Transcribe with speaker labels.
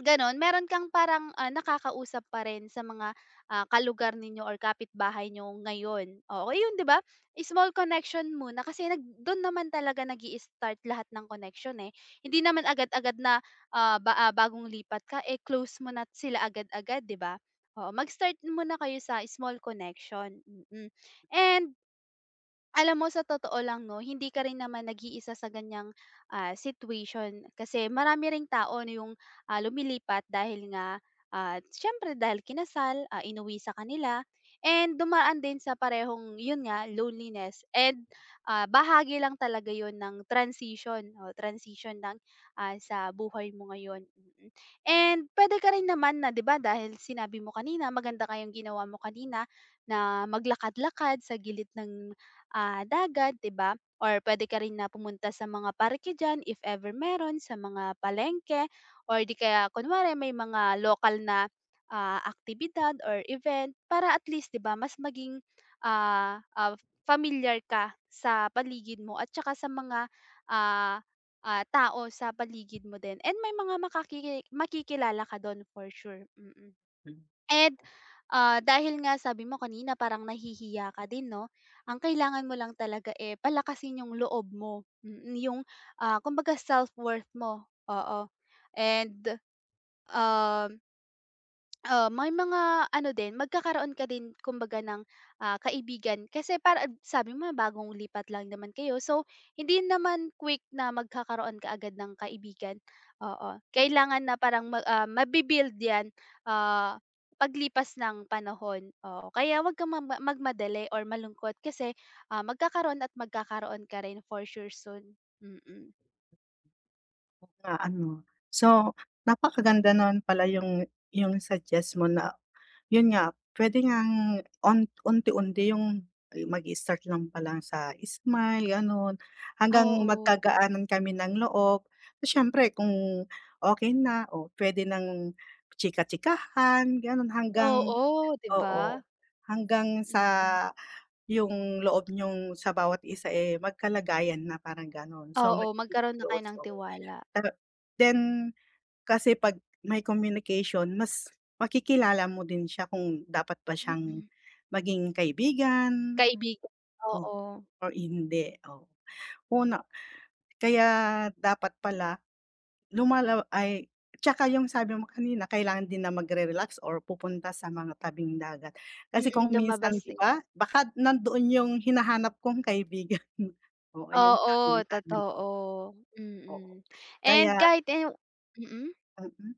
Speaker 1: Ganon, meron kang parang, ah, nakakausap pa rin sa mga, ah, ka-lugar ninyo or kapitbahay niyo ngayon, oo, yun di ba? Small connection muna kasi nag do'n naman talaga nag-i-start lahat ng connection eh, hindi naman agad-agad na ah, ba bagong lipat ka close mo na sila agad-agad 'di ba? Oo, mag-start muna kayo sa small connection. Mm. And, alam mo sa totoo lang no, hindi ka rin naman nag-iisa sa ganyang, ah, situation kasi marami ring tao na yung, ah, lumilipat dahil nga at siyempre dahil kinasal, ah, inuwi sa kanila and dumaan din sa parehong yun nga loneliness and, ah, bahagi lang talaga yun ng transition o transition ng, ah, sa buhay mo ngayon, mm. And, pwede ka rin naman na di ba dahil sinabi mo kanina maganda nga yong ginawa mo kanina, na maglakad-lakad sa gilid ng ah, dagat di ba or pwede ka rin na pumunta sa mga parke diyan if ever meron, sa mga palengke or di kaya kunwari may mga lokal na, ah, aktibidad or event, para at least di ba mas maging, ah, ah, pamilyar ka sa paligid mo at saka sa mga, ah, ah, tao sa paligid mo din and may mga makakiki makikilala ka dun for sure, mm.
Speaker 2: Hmm.
Speaker 1: And ah, dahil nga sabi mo kanina parang nahihiya ka din, no? Ang kailangan mo lang talaga eh, palakasin yung loob mo, mm, yung ah, kumbaga self-worth mo, oo. And, um Ah, may mga ano din, magkakaroon ka din kumbaga ng, ah, kaibigan kasi para a sabi mo bagong lipat lang naman kayo so, hindi naman quick na magkakaroon ka agad ng kaibigan, oo. Kailangan na parang ma ah, mabi-build yan, ah, paglipas ng panahon, oo. Kaya wag kang magma magmadali or malungkot kasi, ah, magkakaroon at magkakaroon ka rin for sure soon, mm.
Speaker 2: Na ano? So, napakaganda nun pala yung yung suggest mo na yun nga, pwede ngang un unti-unti yung mag-start lang palang sa smile ganun hanggang
Speaker 1: Oo.
Speaker 2: magkagaanan kami ng loob. Siyempre kung okey na o pwede ng chika-chikahan ganon hanggang
Speaker 1: Oo, di ba?
Speaker 2: oo, hanggang sa,
Speaker 1: Mm.
Speaker 2: yung loob niyong sa bawat isa eh, magkalagayan na parang ganon, so
Speaker 1: Oo,
Speaker 2: magiging
Speaker 1: magkaroon na kayo
Speaker 2: close,
Speaker 1: ng
Speaker 2: oo.
Speaker 1: tiwala.
Speaker 2: Pero, then, kasi 'pag may communication mas, makikilala mo din siya kung dapat ba siyang
Speaker 1: Hmm.
Speaker 2: maging kaibigan,
Speaker 1: Kaibigan,
Speaker 2: o
Speaker 1: oo.
Speaker 2: or hindi, oh. Una, kaya dapat pala, lumalala ay tsaka yung sabi mo kanina kailangan din na mag-re-relax or pupunta sa mga tabing dagat. Kasi
Speaker 1: Mm,
Speaker 2: kung minsan
Speaker 1: lumabas
Speaker 2: 'di
Speaker 1: na.
Speaker 2: ba baka nandoon 'yong hinahanap kong kaibigan, oo, yung sabi mo
Speaker 1: Oo
Speaker 2: sabi ko.
Speaker 1: totoo,
Speaker 2: Oo
Speaker 1: mm. And
Speaker 2: kaya
Speaker 1: kahit eh yung mm?
Speaker 2: Mm.